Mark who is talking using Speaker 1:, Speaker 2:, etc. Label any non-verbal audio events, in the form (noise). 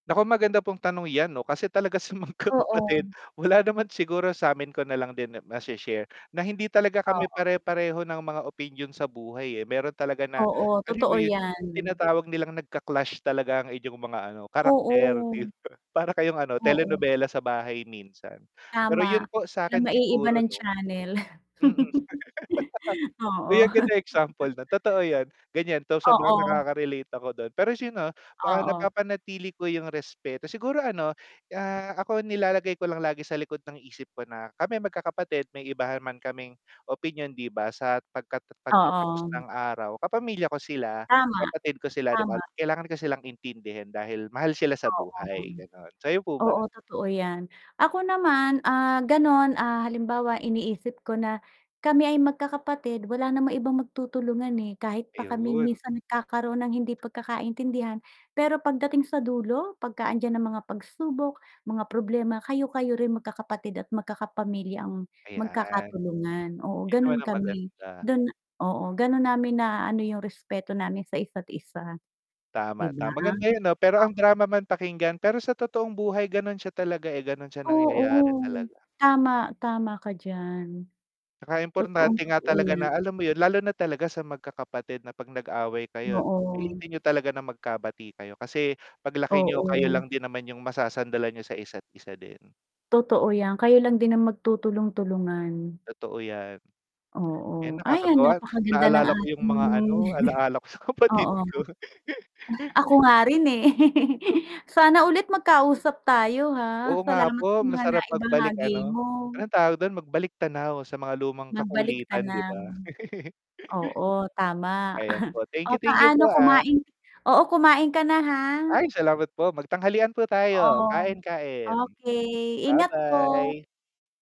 Speaker 1: Nako, maganda pong tanong yan 'no kasi talaga sa magkakapatid
Speaker 2: Oo.
Speaker 1: wala naman siguro samin ko nalang din ma-she share na hindi talaga kami
Speaker 2: Oo.
Speaker 1: pare-pareho ng mga opinyon sa buhay eh, meron talaga na,
Speaker 2: Oo,
Speaker 1: alam mo
Speaker 2: totoo
Speaker 1: yun,
Speaker 2: yan.
Speaker 1: yung tinatawag nilang nagka-clash talaga ang inyong mga ano karakter
Speaker 2: Oo.
Speaker 1: 'di ba? para kayong ano,
Speaker 2: Oo.
Speaker 1: telenovela sa bahay minsan. Pero
Speaker 2: Tama,
Speaker 1: yun po sakin
Speaker 2: maiiba
Speaker 1: siguro
Speaker 2: ng
Speaker 1: 'no
Speaker 2: channel.
Speaker 1: mm. (chuckles)
Speaker 2: (chuckles) Oo.
Speaker 1: Uy, ang gandang example na
Speaker 2: (chuckles)
Speaker 1: totoo yun, ganyan ta's sobrang
Speaker 2: Oo.
Speaker 1: nakaka-relate ako dun tapos yun 'no, ah,
Speaker 2: Oo.
Speaker 1: napapanatili ko yung respeto siguro ano, ah, ako nilalagay ko lang lagi sa likod ng isip ko na kami magkakapatid may iba naman kaming opinyon 'di ba sa pagkat pagkatapos
Speaker 2: Oo.
Speaker 1: ng araw, kapamilya ko sila,
Speaker 2: Tama.
Speaker 1: kapatid ko sila 'di
Speaker 2: Tama.
Speaker 1: ba kailangan ko silang intindihin dahil mahal sila sa
Speaker 2: Oo.
Speaker 1: buhay, ganun, sayo po ba?
Speaker 2: Oo, totoo yan. Ako naman, ah, ganun ah, halimbawa iniisip ko na, kami ay magkakapatid wala namang ibang magtutulungan, eh, kahit pa kami
Speaker 1: Ayun.
Speaker 2: minsan nagkakaroon ng hindi pagkakaintindihan, pero pagdating sa dulo? Pagka andiyan ang mga pagsubok, mga problema, kayo-kayo rin magkakapatid at magkaka-pamilya ang
Speaker 1: Ayan.
Speaker 2: magkakatulungan, oo
Speaker 1: 'Yun
Speaker 2: ganun
Speaker 1: naman ang
Speaker 2: kami,
Speaker 1: maganda.
Speaker 2: dun oo, ganun namin na-aano yung respeto namin sa isa't isa. 'Di
Speaker 1: Tama,
Speaker 2: ba?
Speaker 1: tama maganda yun 'no pero ang
Speaker 2: Oo.
Speaker 1: drama man pakinggan pero sa totoong buhay ganun siya talaga eh, ganun siya nangyayari
Speaker 2: Oo.
Speaker 1: talaga.
Speaker 2: Tama, tama ka diyan.
Speaker 1: 'Tsaka importante nga
Speaker 2: Totoong-totoo
Speaker 1: talaga
Speaker 2: yan.
Speaker 1: na alam mo yun? Lalo na talaga sa magkakapatid na 'pag nag-away kayo
Speaker 2: Oo.
Speaker 1: pilitin niyo talaga na magkabati kayo kasi, paglaki niyo kayo
Speaker 2: Oo.
Speaker 1: lang din naman yung masasandalan niyo sa isa't isa din.
Speaker 2: Totoo yan, kayo lang din ang magtutulong-tulungan.
Speaker 1: Totoo 'yan.
Speaker 2: Oo,
Speaker 1: Yan
Speaker 2: ayan
Speaker 1: nakakatuwa,
Speaker 2: napakaganda ng
Speaker 1: naalala ko yung
Speaker 2: ating
Speaker 1: mga ano, alaala ko sa
Speaker 2: (chuckles)
Speaker 1: kapatid
Speaker 2: oo.
Speaker 1: ko.
Speaker 2: Ako
Speaker 1: (chuckles)
Speaker 2: nga rin eh. (laughs) Sana ulit magkausap tayo ha?
Speaker 1: Oo nga
Speaker 2: Salamat sa
Speaker 1: po,
Speaker 2: mga
Speaker 1: masarap magbalik
Speaker 2: naibahagi
Speaker 1: ano,
Speaker 2: mo.
Speaker 1: anong tawag dun? Magbalik-tanaw sa mga lumang
Speaker 2: Magbalik
Speaker 1: kakulitan 'di
Speaker 2: tanaw
Speaker 1: ba? (chuckles)
Speaker 2: oo, tama.
Speaker 1: Ayan po,
Speaker 2: (chuckles)
Speaker 1: thank
Speaker 2: O,
Speaker 1: you, thank you po
Speaker 2: paano
Speaker 1: ah.
Speaker 2: kumain oo kumain ka na ha.
Speaker 1: Ay salamat po, mag-tanghalian po tayo,
Speaker 2: Oo.
Speaker 1: kain-kain.
Speaker 2: Okey, ingat po.
Speaker 1: Ba-bye.